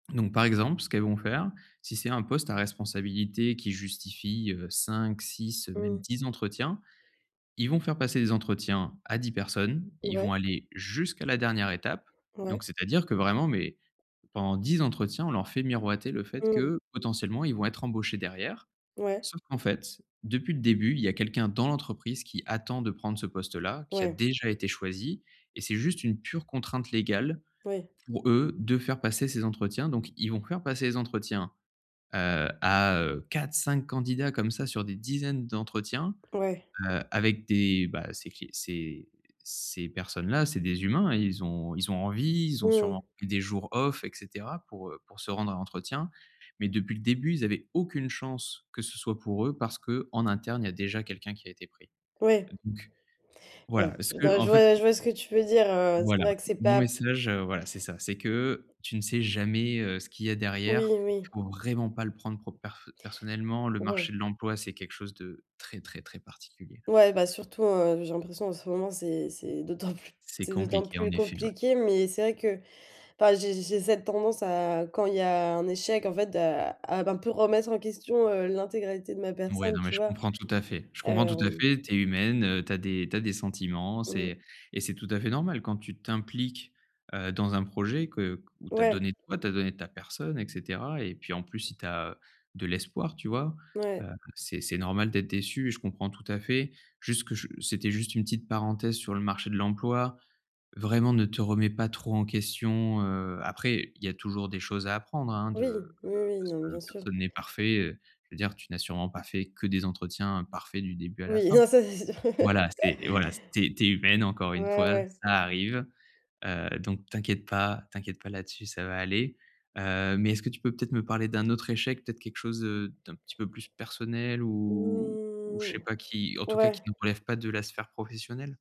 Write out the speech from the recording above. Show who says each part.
Speaker 1: Donc par exemple, ce qu'elles vont faire, si c'est un poste à responsabilité qui justifie, heu, 5-6, heu, même
Speaker 2: Mmh.
Speaker 1: 10 entretiens, ils vont faire passer des entretiens à 10 personnes, ils
Speaker 2: Ouais.
Speaker 1: vont aller jusqu'à la dernière étape.
Speaker 2: Mouais.
Speaker 1: Donc c'est-à-dire que vraiment mais, pendant 10 entretiens on leur fait miroiter le fait
Speaker 2: Mmh.
Speaker 1: que, potentiellement, ils vont être embauchés derrière.
Speaker 2: Ouais.
Speaker 1: Sauf qu'en fait, depuis le début il y a quelqu'un dans l'entreprise qui attend de prendre ce poste là, qui a
Speaker 2: Ouais.
Speaker 1: déjà été choisie et c'est juste une pure contrainte légale,
Speaker 2: Oui.
Speaker 1: pour eux, de faire passer ces entretiens. Donc ils vont faire passer les entretiens, heu, à, heu, 4-5 candidats comme ça sur des dizaines d'entretiens,
Speaker 2: Mouais.
Speaker 1: heu, avec des bah, ces q ces ces personnes-là. C'est des humains et ils ont ils ont envie, ils ont sûrement
Speaker 2: Mmh.
Speaker 1: pris des jours off et cetera, pour, heu, pour se rendre à l'entretien. Mais depuis le début ils avaient aucune chance que ce soit pour eux parce qu'en interne, il y a déjà quelqu'un qui a été pris.
Speaker 2: Ouais.
Speaker 1: Donc
Speaker 2: Ouais,
Speaker 1: voilà, ce
Speaker 2: je
Speaker 1: que,
Speaker 2: vois,
Speaker 1: en
Speaker 2: je
Speaker 1: fait,
Speaker 2: vois, je
Speaker 1: heu
Speaker 2: vois ce que tu peux dire, heu, c'est
Speaker 1: Voilà.
Speaker 2: vrai que c'est
Speaker 1: Mon
Speaker 2: pas
Speaker 1: message, heu, voilà c'est ça. C'est que, tu ne sais jamais, heu, ce qu'il y a
Speaker 2: Oui,
Speaker 1: derrière. Il
Speaker 2: oui.
Speaker 1: faut vraiment pas le prendre pro per heu, personnellement. Le
Speaker 2: Ouais.
Speaker 1: marché de l'emploi, c'est quelque chose de très très très particulier.
Speaker 2: Ouais bah surtout, heu, j'ai l'impression en ce moment c'est c'est d'autant plus,
Speaker 1: C'est
Speaker 2: c'est d'autant
Speaker 1: compliqué en
Speaker 2: plus
Speaker 1: effet, ouais.
Speaker 2: compliqué. Mais c'est vrai que, enfin j'ai j'ai cette tendance à, quand il y a un échec, en fait, à à un peu remettre en question, heu, l'intégralité de ma
Speaker 1: Ouais,
Speaker 2: personne,
Speaker 1: non mais
Speaker 2: tu
Speaker 1: je
Speaker 2: vois?
Speaker 1: comprends tout à fait. Je comprends tout à
Speaker 2: Hem
Speaker 1: fait, tu es humaine, heu, tu as des tu as des sentiments,
Speaker 2: Mmh.
Speaker 1: c'est et c'est tout à fait normal. Quand tu t'impliques, heu, dans un projet que, où tu as
Speaker 2: Ouais.
Speaker 1: donné toi, tu as donné ta personne et cetera et puis, en plus, si tu as de l'espoir tu vois? Heu,
Speaker 2: Mouais.
Speaker 1: c'est c'est normal d'être déçue et je comprends tout à fait. Juste que, c'était juste une petite parenthèse sur le marché de l'emploi. Vraiment ne te remet pas trop en question, heu, après il y a toujours des choses à apprendre hein
Speaker 2: Oui,
Speaker 1: de
Speaker 2: oui, oui,
Speaker 1: parce
Speaker 2: non
Speaker 1: que
Speaker 2: bien sûr.
Speaker 1: personne n'est parfait, heu, je veux dire tu n'as sûrement pas fait que des entretiens parfaits du début à la
Speaker 2: Oui,
Speaker 1: fin.
Speaker 2: non ça c'est sûr.
Speaker 1: Voilà c'est voilà c'est tu es humaine encore une
Speaker 2: Ouais,
Speaker 1: fois,
Speaker 2: ouais.
Speaker 1: ça arrive. Heu, donc t'inquiète pas, t'inquiète pas là-dessus ça va aller. Heu, mais est-ce que tu peux peut-être me parler d'un autre échec? Peut-être quelque chose, heu, d'un petit peu plus personnel ou? Je
Speaker 2: Mmh,
Speaker 1: sais pas qui, en tout cas
Speaker 2: ouais.
Speaker 1: qui ne relève pas de la sphère professionnelle?